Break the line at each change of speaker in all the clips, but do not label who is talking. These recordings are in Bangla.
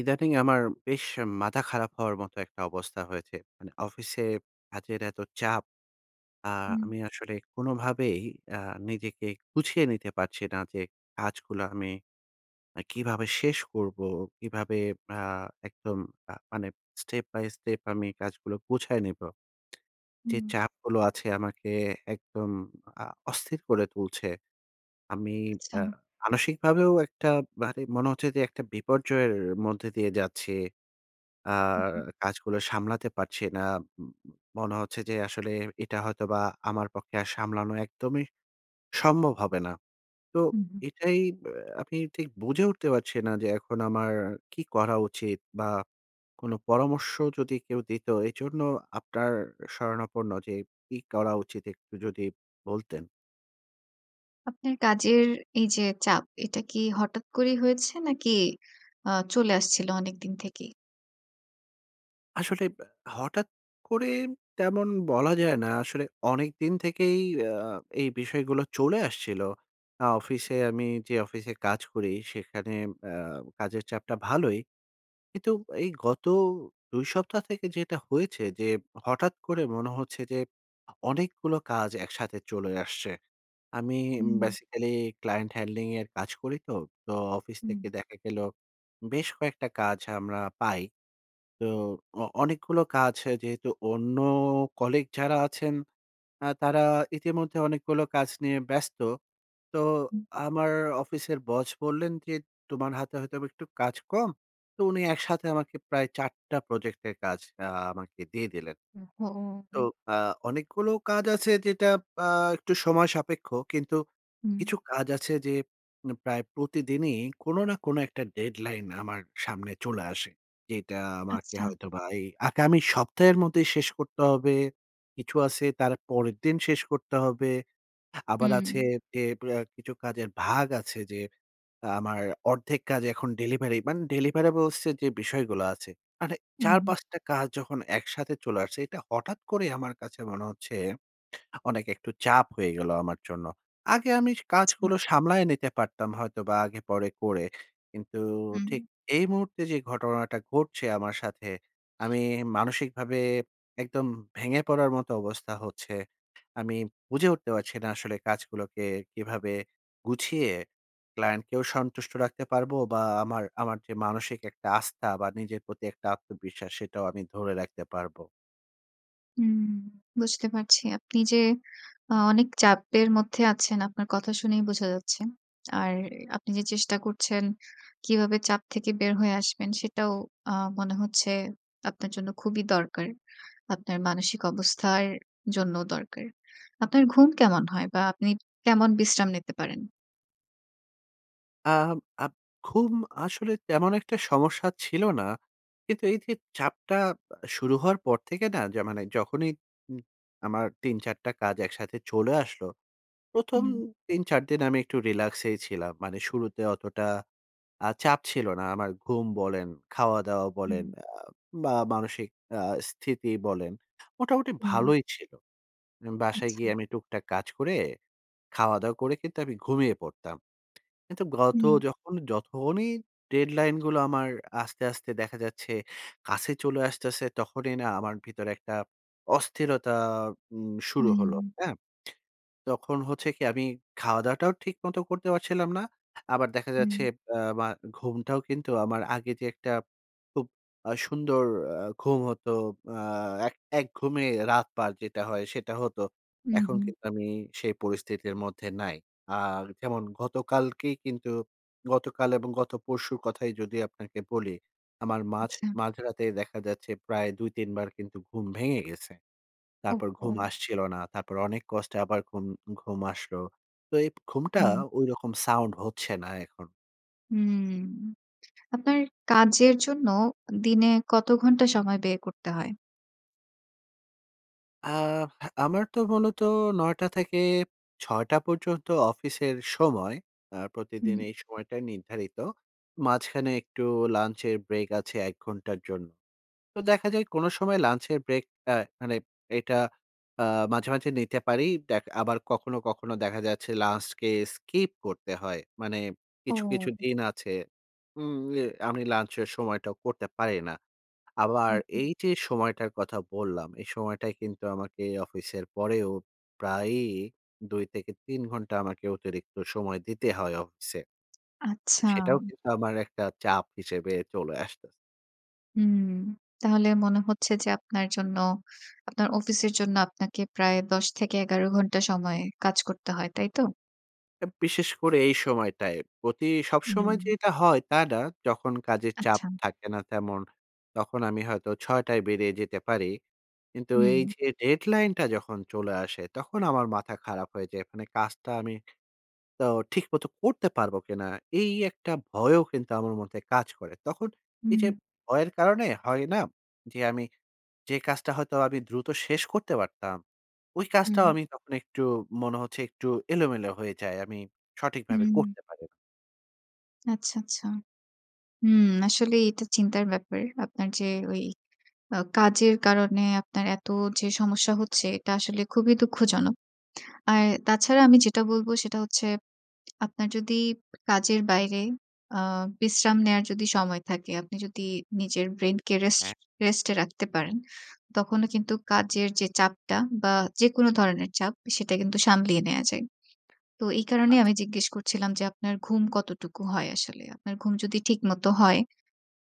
ইদানিং আমার বেশ মাথা খারাপ হওয়ার মতো একটা অবস্থা হয়েছে। মানে অফিসে কাজের এত চাপ, আ
হুম।
আমি আসলে কোনভাবেই আ নিজেকে গুছিয়ে নিতে পারছি না যে কাজগুলা আমি আ কিভাবে শেষ করবো? কিভাবে আ একদম আ মানে স্টেপ বাই স্টেপ আমি কাজগুলা গুছায় নিবো? যে
হুম।
চাপগুলো আছে আমাকে একদম আ অস্থির করে তুলছে। আমি আ
আচ্ছা।
মানসিকভাবেও একটা মানে মনে হচ্ছে যে একটা বিপর্যয়ের মধ্যে দিয়ে যাচ্ছি। আ
হু, হু।
কাজগুলা সামলাতে পারছি না। ম ম মনে হচ্ছে যে আসলে এটা হয়তোবা আমার পক্ষে আর সামলানো একদমই সম্ভব হবে না। তো
হু, হু।
এটাই ব্যা আমি ঠিক বুঝে উঠতে পারছিনা যে এখন আমার কি করা উচিত? বা কোন পরামর্শ যদি কেউ দিত? এজন্য আপনার শরণাপন্ন যে কি করা উচিত একটু যদি বলতেন?
আপনার কাজের এই যে চাপ এটা কি হঠাৎ করেই হয়েছে নাকি আ চলে আসছিল অনেকদিন থেকেই?
আসলে ব্য হঠাৎ করে তেমন বলা যায় না, আসলে অনেকদিন থেকেই আ এই বিষয়গুলো চলে আসছিল। আ অফিসে আমি যে, অফিসে কাজ করি সেখানে অ্যা কাজের চাপটা ভালোই। কিন্তু এই গত ২ সপ্তাহ থেকে যেটা হয়েছে যে, হঠাৎ করে মনে হচ্ছে যে, অনেকগুলো কাজ একসাথে চলে আসছে। আমি উম
উম
basically client handling এর কাজ করি তো, তো অফিস
হুম।
থেকে দেখা গেল বেশ কয়েকটা কাজ আমরা পাই। তো অ অনেকগুলো কাজ যেহেতু অন্য colleague যারা আছেন, আ তারা ইতিমধ্যে অনেকগুলো কাজ নিয়ে ব্যস্ত। তো
হুম।
আমার অফিসের বস বললেন যে, "তোমার হাতে হয়তোবা একটু কাজ কম।" তো উনি একসাথে আমাকে প্রায় ৪ টা প্রজেক্ট এর কাজ আ আমাকে দিয়ে দিলেন। তো
ওহো!
আ অনেকগুলো কাজ আছে যেটা আ একটু সময় সাপেক্ষ, কিন্তু
হুম।
কিছু কাজ আছে যে, উম প্রায় প্রতিদিনই কোন না কোন একটা deadline আমার সামনে চলে আসে। যেটা আমাকে
আচ্ছা।
হয়তোবা এই আগামী সপ্তাহের মধ্যেই শেষ করতে হবে। কিছু আছে তার পরের দিন শেষ করতে হবে। আবার আছে
হুম।
যে, ব্য কিছু কাজের ভাগ আছে যে, আমার অর্ধেক কাজ এখন delivery মান deliverables এর যে, বিষয়গুলা আছে মানে
হুম।
৪-৫ টা কাজ যখন একসাথে চলে আসছে, এটা হঠাৎ করে আমার কাছে মনে হচ্ছে অনেক একটু চাপ হয়ে গেল আমার জন্য। আগে আমি স
আচ্ছা।
কাজগুলো সামলায় নিতে পারতাম হয়তোবা আগে-পরে করে, কিন্তু
হুম।
ঠিক এই মুহূর্তে যে ঘটনাটা ঘটছে আমার সাথে আমি মানসিকভাবে একদম ভেঙে পড়ার মতো অবস্থা হচ্ছে। আমি বুঝে উঠতে পারছি না আসলে কাজগুলোকে কিভাবে গুছিয়ে, client কেও সন্তুষ্ট রাখতে পারবো বা আমার আমার যে মানসিক একটা আস্থা বা নিজের প্রতি একটা আত্মবিশ্বাস সেটাও আমি ধরে রাখতে পারব।
হুম, বুঝতে পারছি। আপনি যে আ অনেক চাপের মধ্যে আছেন আপনার কথা শুনেই বোঝা যাচ্ছে। আর আপনি যে চেষ্টা করছেন, কিভাবে চাপ থেকে বের হয়ে আসবেন সেটাও আ মনে হচ্ছে আপনার জন্য খুবই দরকার। আপনার মানসিক অবস্থার জন্যও দরকার। আপনার ঘুম কেমন হয় বা আপনি কেমন বিশ্রাম নিতে পারেন?
আম আপ ঘুম আসলে তেমন একটা সমস্যা ছিল না। কিন্তু এইযে চাপটা আ শুরু হওয়ার পর থেকে না য মানে যখনই উ আমার ৩-৪ টা কাজ একসাথে চলে আসলো, প্রথম
হুম।
৩-৪ দিন আমি একটু রিল্যাক্সেই ছিলাম। মানে শুরুতে অতটা আ চাপ ছিল না। আমার ঘুম বলেন, খাওয়া-দাওয়া বলেন
হুম।
আ বা মানসিক আ স্থিতি বলেন, মোটামুটি
হুম।
ভালোই ছিল। উম বাসায়
আচ্ছা।
গিয়ে আমি টুকটাক কাজ করে খাওয়া-দাওয়া করে কিন্তু আমি ঘুমিয়ে পড়তাম। কিন্তু গত
হুম।
যখন যখনই ডেডলাইন গুলো আমার আস্তে, আস্তে দেখা যাচ্ছে কাছে চলে আসতেছে, তখনই না আমার ভিতরে একটা অস্থিরতা উম শুরু হলো,
হুম।
হ্যাঁ? তখন হচ্ছে কি? আমি খাওয়া-দাওয়াটাও ঠিক মতো করতে পারছিলাম না। আবার দেখা
হুম।
যাচ্ছে অ্যা মা ঘুমটাও কিন্তু আমার আগে যে একটা খুব আ সুন্দর আ ঘুম হতো। আ এক এক ঘুমে রাত পার যেটা হয় সেটা হতো।
উ
এখন
হুম।
কিন্তু আমি সেই পরিস্থিতির মধ্যে নাই। আর যেমন গতকালকেই কিন্তু গতকাল এবং গত পরশুর কথাই যদি আপনাকে বলি, আমার মাঝ
আচ্ছা।
মাঝরাতে দেখা যাচ্ছে প্রায় ২-৩ বার কিন্তু ঘুম ভেঙে গেছে। তারপর ঘুম
ওহহো।
আসছিল না। তারপর অনেক কষ্টে আবার ঘুম ঘুম আসলো। তো এ ঘুমটা
হুম।
ঐরকম সাউন্ড হচ্ছে না এখন।
হুম। আপনার কাজের জন্য দিনে কত ঘণ্টা সময় ব্যয় করতে হয়?
আ আমার তো মূলত ৯ টা থেকে ৬ টা পর্যন্ত অফিসের সময়। আ প্রতিদিন
হুম।
এই সময়টাই নির্ধারিত। মাঝখানে একটু lunch এর break আছে ১ ঘন্টার জন্য। তো দেখা যায় কোন সময় lunch এর break আ মানে এটা আ মাঝে, মাঝে নিতে পারি। দেখ আবার কখনো, কখনো দেখা যাচ্ছে lunch কে skip করতে হয়। মানে কিছু, কিছু
ও।
দিন আছে হুম, এ আমি lunch এর সময়টাও করতে পারি না। আবার
হুম, হুম।
এই যে, সময়টার কথা বললাম, এই সময়টায় কিন্তু আমাকে অফিসের পরেও প্রায়ই ২ থেকে ৩ ঘন্টা আমাকে অতিরিক্ত সময় দিতে হয় অফিসে।
আচ্ছা।
সেটাও কিন্তু আমার একটা চাপ হিসেবে চলে আসতেছে।
হুম। তাহলে মনে হচ্ছে যে, আপনার জন্য আপনার অফিসের জন্য আপনাকে প্রায় ১০ থেকে ১১ ঘণ্টা সময় কাজ করতে হয়। তাই তো?
আব বিশেষ করে এই সময়টায় প্রতি সবসময়
হুম।
যে এটা হয়, তা না। যখন কাজের চাপ
আচ্ছা।
থাকে না তেমন তখন আমি হয়তো ৬ টায় বেরিয়ে যেতে পারি। কিন্তু এই
হুম।
যে, deadline টা যখন চলে আসে তখন আমার মাথা খারাপ হয়ে যায়। মানে কাজটা আমি তো ঠিক মতো করতে পারব কিনা? এই একটা ভয়ও কিন্তু আমার মধ্যে কাজ করে। তখন এই যে,
হুম।
ভয়ের কারণে হয় না যে, আমি যে কাজটা হয়তো আমি দ্রুত শেষ করতে পারতাম। ওই কাজটাও
হুম।
আমি তখন একটু মনে হচ্ছে একটু এলোমেলো হয়ে যায়। আমি সঠিকভাবে
হুম।
করতে পারি না।
আচ্ছা, আচ্ছা। হুম, আসলে এটা চিন্তার ব্যাপার। আপনার যে, ওই আ কাজের কারণে আপনার এত যে সমস্যা হচ্ছে এটা আসলে খুবই দুঃখজনক। আর তাছাড়া আমি যেটা বলব সেটা হচ্ছে আপনার যদি কাজের বাইরে আ বিশ্রাম নেয়ার যদি সময় থাকে আপনি যদি নিজের brain কে rest,
হ্যাঁ।
rest এ রাখতে পারেন, তখনও কিন্তু কাজের যে চাপটা বা যেকোন ধরনের চাপ সেটা কিন্তু সামলিয়ে নেয়া যায়। তো এই
আচ্ছা।
কারণেই আমি জিজ্ঞেস করছিলাম যে, আপনার ঘুম কতটুকু হয় আসলে? আপনার ঘুম যদি ঠিকমত হয়,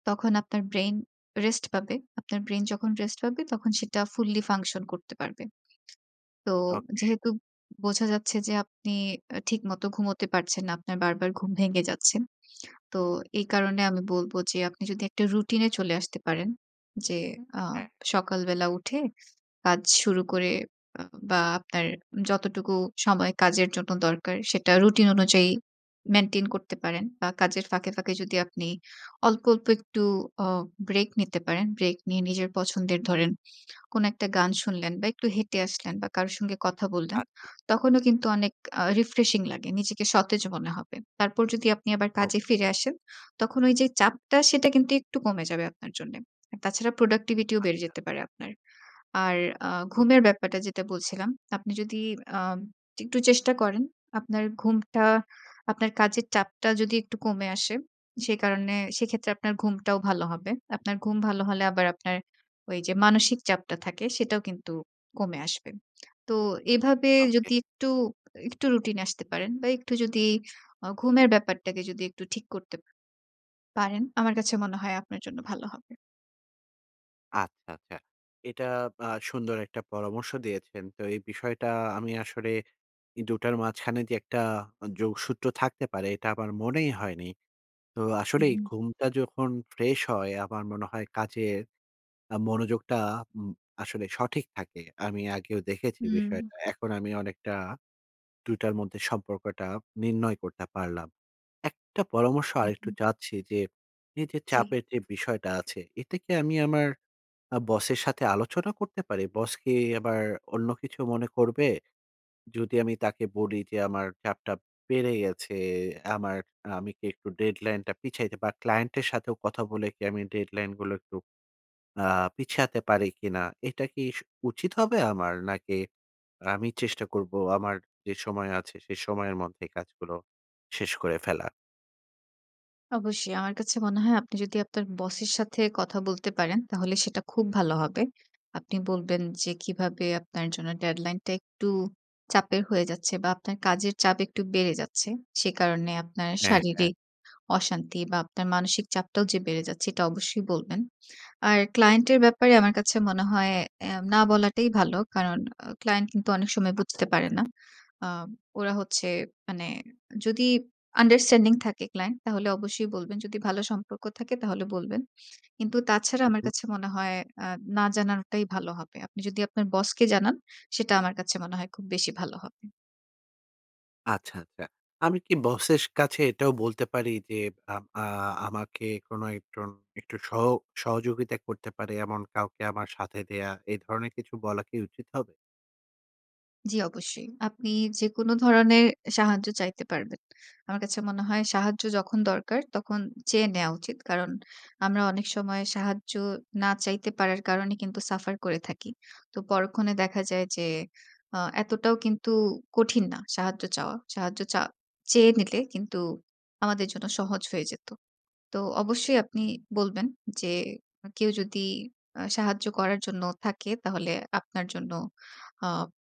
তখন আপনার brain rest পাবে। আপনার brain যখন rest পাবে তখন সেটা fully function করতে পারবে। তো
ওকে।
যেহেতু বোঝা যাচ্ছে যে, আপনি অ্যা ঠিকমতো ঘুমোতে পারছেন না, আপনার বারবার ঘুম ভেঙে যাচ্ছে। তো এই কারণে আমি বলব যে, আপনি যদি একটা routine এ চলে আসতে পারেন যে, আ
হ্যাঁ।
সকালবেলা উঠে কাজ শুরু করে আ বা আপনার যতটুকু সময় কাজের জন্য দরকার সেটা রুটিন অনুযায়ী maintain করতে পারেন বা কাজের ফাঁকে, ফাঁকে যদি আপনি অল্প, অল্প একটু অ break নিতে পারেন। Break নিয়ে নিজের পছন্দের ধরেন কোন একটা গান শুনলেন বা একটু হেঁটে আসলেন বা কারো সঙ্গে কথা বললেন
আচ্ছা।
তখনও কিন্তু অনেক আ refreshing লাগে, নিজেকে সতেজ মনে হবে। তারপর যদি আপনি আবার
ওকে।
কাজে ফিরে আসেন তখন ওই যে, চাপটা সেটা কিন্তু একটু কমে যাবে আপনার জন্যে। তাছাড়া productivity ও বেড়ে
আচ্ছা।
যেতে পারে আপনার। আর আ
তো।
ঘুমের ব্যাপারটা যেটা বলছিলাম, আপনি যদি আ একটু চেষ্টা করেন, আপনার ঘুমটা আপনার কাজের চাপটা যদি একটু কমে আসে, সে কারণে সেক্ষেত্রে আপনার ঘুমটাও ভালো হবে। আপনার ঘুম ভালো হলে আবার আপনার ওই যে, মানসিক চাপটা থাকে সেটাও কিন্তু কমে আসবে। তো এভাবে
ওকে।
যদি একটু, একটু রুটিন এ আসতে পারেন বা একটু যদি আ ঘুমের ব্যাপারটাকে যদি একটু ঠিক করতে পারেন, আমার কাছে মনে হয় আপনার জন্য ভালো হবে।
আচ্ছা, আচ্ছা। এটা আ সুন্দর একটা পরামর্শ দিয়েছেন। তো এই বিষয়টা আমি আসলে ই ২ টার মাঝখানে যে একটা আ যোগসূত্র থাকতে পারে। এটা আমার মনেই হয়নি। তো
হুম,
আসলেই
হুম।
ঘুমটা যখন ফ্রেশ হয় আমার মনে হয় কাজের আ মনোযোগটা উম আসলে সঠিক থাকে। আমি আগেও দেখেছি
হুম।
বিষয়টা। এখন আমি অনেকটা ২ টার মধ্যে সম্পর্কটা নির্ণয় করতে পারলাম। একটা পরামর্শ
হুম,
আরেকটু
হুম।
চাচ্ছি যে এইযে
জি।
চাপের যে বিষয়টা আছে, এটা কি আমি আমার আ বসের সাথে আলোচনা করতে পারি? বস কি আবার অন্য কিছু মনে করবে? যদি আমি তাকে বলি যে, "আমার চাপটা বেড়ে গেছে, আমার আমি কি একটু ডেডলাইনটা পিছাইতে বা ক্লায়েন্টের সাথেও কথা বলে কি আমি ডেডলাইনগুলো একটু আ পিছতে পারি কিনা?" এটা কি স উচিত হবে আমার? নাকি আমি চেষ্টা করব আমার যে সময় আছে সে সময়ের মধ্যে কাজগুলো শেষ করে ফেলা?
অবশ্যই আমার কাছে মনে হয় আপনি যদি আপনার বসের সাথে কথা বলতে পারেন তাহলে সেটা খুব ভালো হবে। আপনি বলবেন যে কিভাবে আপনার জন্য ডেডলাইনটা একটু চাপের হয়ে যাচ্ছে বা আপনার কাজের চাপ একটু বেড়ে যাচ্ছে। সে কারণে আপনার
হ্যাঁ, হ্যাঁ।
শারীরিক অশান্তি বা আপনার মানসিক চাপটাও যে বেড়ে যাচ্ছে এটা অবশ্যই বলবেন। আর ক্লায়েন্টের ব্যাপারে আমার কাছে মনে হয় অ্যা না বলাটাই ভালো। কারণ আ ক্লায়েন্ট কিন্তু অনেক সময়
আচ্ছা,
বুঝতে পারে
আচ্ছা।
না। আ ওরা হচ্ছে মানে যদি আন্ডারস্ট্যান্ডিং থাকে ক্লায়েন্ট তাহলে অবশ্যই বলবেন। যদি ভালো সম্পর্ক থাকে তাহলে বলবেন। কিন্তু তাছাড়া
উ
আমার
হুম।
কাছে মনে হয় আ না জানানোটাই ভালো হবে। আপনি যদি আপনার বসকে জানান সেটা আমার কাছে মনে হয় খুব বেশি ভালো হবে।
আচ্ছা, আচ্ছা। আমি কি বসের কাছে এটাও বলতে পারি যে, আম আ আমাকে কোনো একজন একটু সহ সহযোগিতা করতে পারে এমন কাউকে আমার সাথে দেয়া এ ধরনের কিছু বলা কি উচিত হবে?
জ্বী, অবশ্যই। আপনি যেকোনো ধরনের এ সাহায্য চাইতে পারবেন। আমার কাছে মনে হয় সাহায্য যখন দরকার, তখন চেয়ে নেওয়া উচিত। কারণ আমরা অনেক সময় সাহায্য না চাইতে পারার কারণে কিন্তু সাফার করে থাকি। তো পরক্ষণে দেখা যায় যে, আ এতটাও কিন্তু কঠিন না সাহায্য চাওয়া। সাহায্য চা চেয়ে নিলে কিন্তু আমাদের জন্য সহজ হয়ে যেতো। তো অবশ্যই আপনি বলবেন যে, "আ কেউ যদি আ সাহায্য করার জন্য থাকে, তাহলে আপনার জন্য আ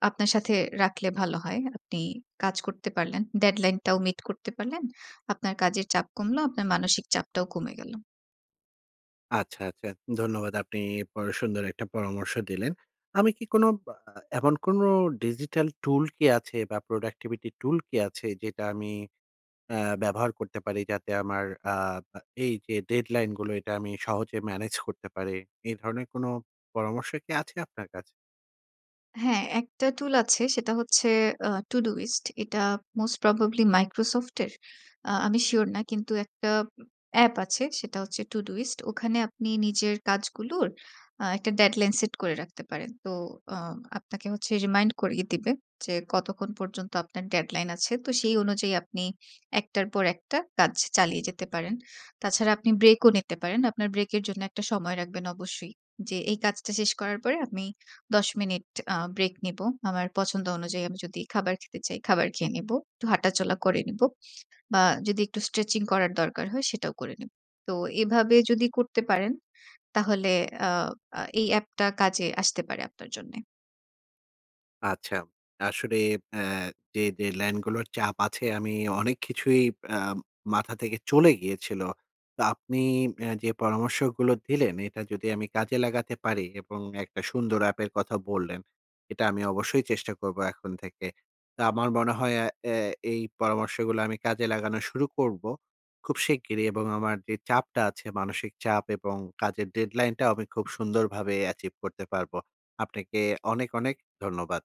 আপনার সাথে রাখলে ভালো হয়।" আপনি কাজ করতে পারলেন ডেডলাইনটাও মিট করতে পারলেন। আপনার কাজের চাপ কমলো। আপনার মানসিক চাপটাও কমে গেলো।
আচ্ছা, আচ্ছা। ধন্যবাদ আপনি পর সুন্দর একটা পরামর্শ দিলেন। আমি কি কোনো বা আ এমন কোনো ডিজিটাল টুল কি আছে বা প্রোডাক্টিভিটি টুল কি আছে যেটা আমি অ্যা ব্যবহার করতে পারি? যাতে আমার আ আ এইযে ডেডলাইনগুলো, এটা আমি সহজে ম্যানেজ করতে পারি। এই ধরনের কোনো পরামর্শ কি আছে আপনার কাছে?
হ্যাঁ, একটা tool আছে। সেটা হচ্ছে আ to do list এটা most probably Microsoft এর। আ আমি sure না, কিন্তু একটা অ্যাপ আছে সেটা হচ্ছে to do list ওখানে আপনি নিজের কাজগুলোর একটা আ deadline set করে রাখতে পারেন। তো আ আপনাকে হচ্ছে remind করিয়ে দিবে যে, কতক্ষণ পর্যন্ত আপনার deadline আছে। তো সেই অনুযায়ী আপনি একটার পর একটা কাজ চালিয়ে যেতে পারেন। তা ছাড়া আপনি ব্রেকও নিতে পারেন। আপনার break এর জন্য একটা সময় রাখবেন অবশ্যই। যে, এই কাজটা শেষ করার পরে আমি ১০ মিনিট আ break নেব। আমার পছন্দ অনুযায়ী আমি যদি খাবার খেতে চাই, খাবার খেয়ে নেব। একটু হাঁটাচলা করে নেব। বা যদি একটু স্ট্রেচিং করার দরকার হয় সেটাও করে নেব। তো এভাবে যদি করতে পারেন, তাহলে আ আ এই app টা কাজে আসতে পারে আপনার জন্যে।
আচ্ছা। আসলে আ যে, deadline গুলোর চাপ আছে আমি অনেক কিছুই আ মাথা থেকে চলে গিয়েছিল। তো আপনি এ যে, পরামর্শগুলো দিলেন, এটা যদি আমি কাজে লাগাতে পারি এবং একটা সুন্দর app এর কথা বললেন, এটা আমি অবশ্যই চেষ্টা করব এখন থেকে। তো আমার মনে হয় এ আ এই পরামর্শগুলো আমি কাজে লাগানো শুরু করব খুব শিগগিরই এবং আমার যে, চাপটা আছে মানসিক চাপ এবং কাজের deadline টাও আমি খুব সুন্দরভাবে achieve করতে পারব। আপনাকে অনেক, অনেক ধন্যবাদ।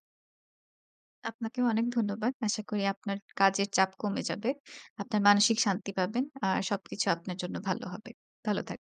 আপনাকেও অনেক ধন্যবাদ। আশা করি আপনার কাজের চাপ কমে যাবে। আপনার মানসিক শান্তি পাবেন। আ সবকিছু আপনার জন্য ভালো হবে। ভালো থাকবেন।